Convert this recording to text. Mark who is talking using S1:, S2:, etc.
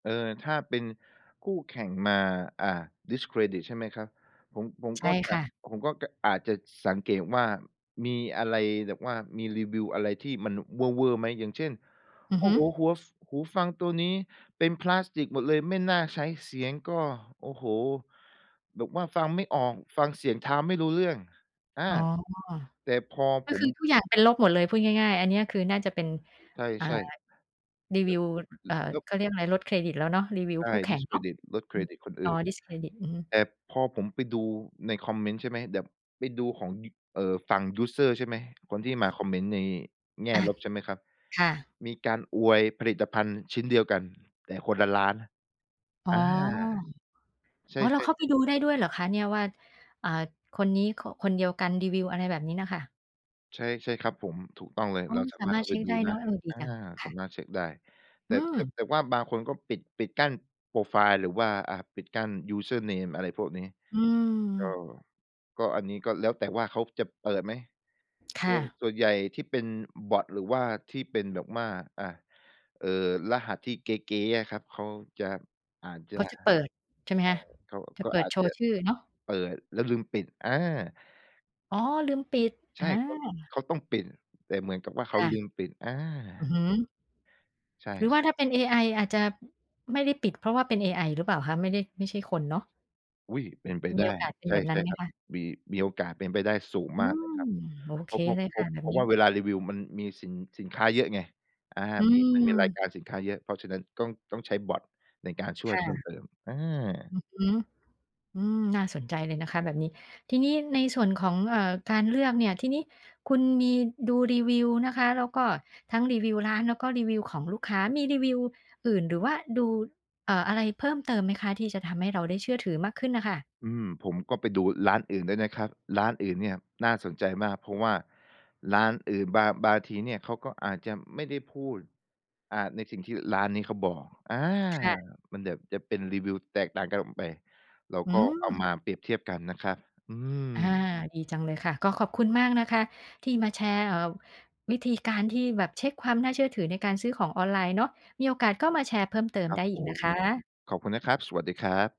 S1: เออ ถ้าเป็นคู่แข่งมา อ่า discredit ใช่ไหมครับ ผม ผม
S2: ใช
S1: ก็
S2: ่
S1: จะ
S2: ค่ะ
S1: ผมก็ ก อาจจะ ส สังเกตว่า มีอะไรแบบว่า มีรีวิวอะไรที่มันเวอร์ ๆ ไหม? อย่างเช่น
S2: อื
S1: โ
S2: อ
S1: อ้
S2: ฮึ
S1: โฮ! หัว ฟ หูฟังตัวนี้เป็นพลาสติกหมดเลย ไม่น่าใช้ เสียงก็ โอ้โฮ! แบบว่าฟังไม่ออก ฟังเสียงเท้าไม่รู้เรื่อง อา
S2: อ๋อ
S1: แต่พอ
S2: ก็
S1: ผ
S2: ค
S1: ม
S2: ือทุกอย่างเป็นลบหมดเลย พูดง่าย ๆ อันเนี้ยคือน่าจะเป็น
S1: ใ
S2: อ่า
S1: ช่
S2: รี
S1: ๆ แบ
S2: วิ
S1: บ
S2: ว อ เอ่อ
S1: แล้ว
S2: เขาเรียกอะไร ลดเครดิตแล้วเนาะ รีวิว
S1: ใช
S2: ค
S1: ่
S2: ู่แข่งเนาะ
S1: discredit ลดเค
S2: อื
S1: ร
S2: ม
S1: ดิตคนอ
S2: อ๋อ
S1: ื่น
S2: ดิสเครดิต อือฮึ
S1: แต่พอผมไปดูในคอมเมนต์ใช่ไหม แบบไปดูของยุ่ เอ่อ ฝั่งยูสเซอร์ใช่ไหม คนที่มาคอมเมนต์ในแง่
S2: อะ
S1: ลบใช่ไหมครับ
S2: ค่ะ
S1: มีการอวยผลิตภัณฑ์ชิ้นเดียวกัน แต่คนละร้านนะ
S2: อ๋อ
S1: อา ใช
S2: อ๋
S1: ่
S2: อ เราเข้าไป
S1: ๆ ๆ
S2: ดูได้ด้วยเหรอคะเนี่ย? ว่า อ่า คนนี้ ค คนเดียวกันรีวิว อะไรแบบนี้น่ะค่ะ
S1: ใช่ ใช่ครับผม ถูกต้องเลย
S2: อ๋อ
S1: เราสา
S2: สา
S1: มาร
S2: ม
S1: ถ
S2: า
S1: เ
S2: ร
S1: ข้
S2: ถ
S1: า
S2: เช
S1: ไป
S2: ็ก
S1: ดู
S2: ได้
S1: ได
S2: เ
S1: ้
S2: นาะ เออ ดี
S1: อา
S2: จัง ค
S1: ส
S2: ่
S1: า
S2: ะ
S1: มารถเช็กได้ แ
S2: อ
S1: ต่
S2: ื
S1: แต่
S2: ม
S1: แต่ว่าบางคนก็ปิด ปิดกั้นโพรไฟล์ หรือว่า อ่า ปิดกั้นยูสเซอร์เนม อะไรพวกนี้
S2: อื
S1: ก็
S2: ม
S1: ก็ อันนี้ ก็แล้วแต่ว่าเขาจะเปิดไหม
S2: ค
S1: ซ
S2: ่
S1: วน
S2: ะ
S1: ส่วนใหญ่ที่เป็น อ บ็อต หรือว่าที่เป็นแบบว่า อ่า เอ่อ รหัสที่เก๊ ๆ อะครับ เขาจะ อาจจ
S2: เข
S1: ะ
S2: า
S1: ใ
S2: จะ
S1: ช่
S2: เปิด ใช่ไหมคะ?
S1: เขา
S2: จะ
S1: ก็
S2: เปิ
S1: อ
S2: ด
S1: าจ
S2: โช
S1: จ
S2: ว
S1: ะ
S2: ์ชื่อเนาะ
S1: เปิด แล้วลืมปิด อา
S2: อ๋อ ลืมปิด
S1: ใช
S2: อ
S1: ่
S2: า
S1: เขา เขาต้องปิด แต่เหมือนกับว่า เข
S2: ค
S1: า
S2: ่ะ
S1: ลืมปิด อา
S2: อือฮึ
S1: ใช่
S2: หรือว่าถ้
S1: ๆ
S2: าเป็นเอไออาจจะ ไม่ได้ปิด เพราะว่าเป็นเอไอหรือเปล่าคะ? ไม่ได้ ไม่ใช่คนเนาะ
S1: อุ๊ย เป็นไป
S2: ม
S1: ได
S2: ี
S1: ้
S2: โอกาสเป็น
S1: ใช
S2: แ
S1: ่
S2: บบนั
S1: ใช
S2: ้
S1: ่
S2: นไหม
S1: ครับ
S2: คะ?
S1: มี มีโอกาสเป็นไปได้สูง
S2: อื
S1: มากเล
S2: ม
S1: ยครับ
S2: โอ
S1: เ
S2: เ
S1: พร
S2: ค
S1: าะ เพรา
S2: เ
S1: ะ
S2: ลย
S1: เพ
S2: ค
S1: ราะ
S2: ่ะแบ
S1: เ
S2: บ
S1: พรา
S2: น
S1: ะ
S2: ี
S1: ว
S2: ้
S1: ่าเวลารีวิวมันมีสิน สินค้าเยอะไง อา
S2: อื
S1: มี มันมีราย
S2: ม
S1: การสินค้าเยอะ เพราะฉะนั้น ต้อง ต้องใช้บ็อตในการช่
S2: ค
S1: วย
S2: ่
S1: เพิ่ม
S2: ะ
S1: เติม อา
S2: อือฮึ อืม น่าสนใจเลยนะคะแบบนี้ ทีนี้ในส่วนของ เอ่อ การเลือกเนี่ย ทีนี้คุณมีดูรีวิวนะคะ แล้วก็ทั้งรีวิวร้าน แล้วก็รีวิวของลูกค้า มีรีวิวอื่นหรือว่าดู เอ่อ อะไรเพิ่มเติมไหมคะ? ที่จะทำให้เราได้เชื่อถือมากขึ้นน่ะค่ะ
S1: อืม ผมก็ไปดูร้านอื่นด้วยนะครับ ร้านอื่นเนี่ยน่าสนใจมาก เพราะว่าร้านอื่นบาง บางทีเนี่ย เขาก็อาจจะไม่ได้พูด อ่า ในสิ่งที่ร้านนี้เขาบอก อา
S2: ค่ะ
S1: มันแบบจะเป็นรีวิวแตกต่างกันออกไป เรา
S2: อื
S1: ก็เอา
S2: ม
S1: มาเปรียบเทียบกันนะครับ อื
S2: อา
S1: ม
S2: ดีจังเลยค่ะ ก็ขอบคุณมากนะคะที่มาแชร์ เอ่อ วิธีการที่แบบเช็กความน่าเชื่อถือในการซื้อของออนไลน์เนาะ มีโอกาสก็มาแชร์เพิ่มเติม
S1: ครั
S2: ได
S1: บ
S2: ้อ
S1: ผ
S2: ีกนะ
S1: ม
S2: คะ
S1: ขอบคุณนะครับ สวัสดีครับ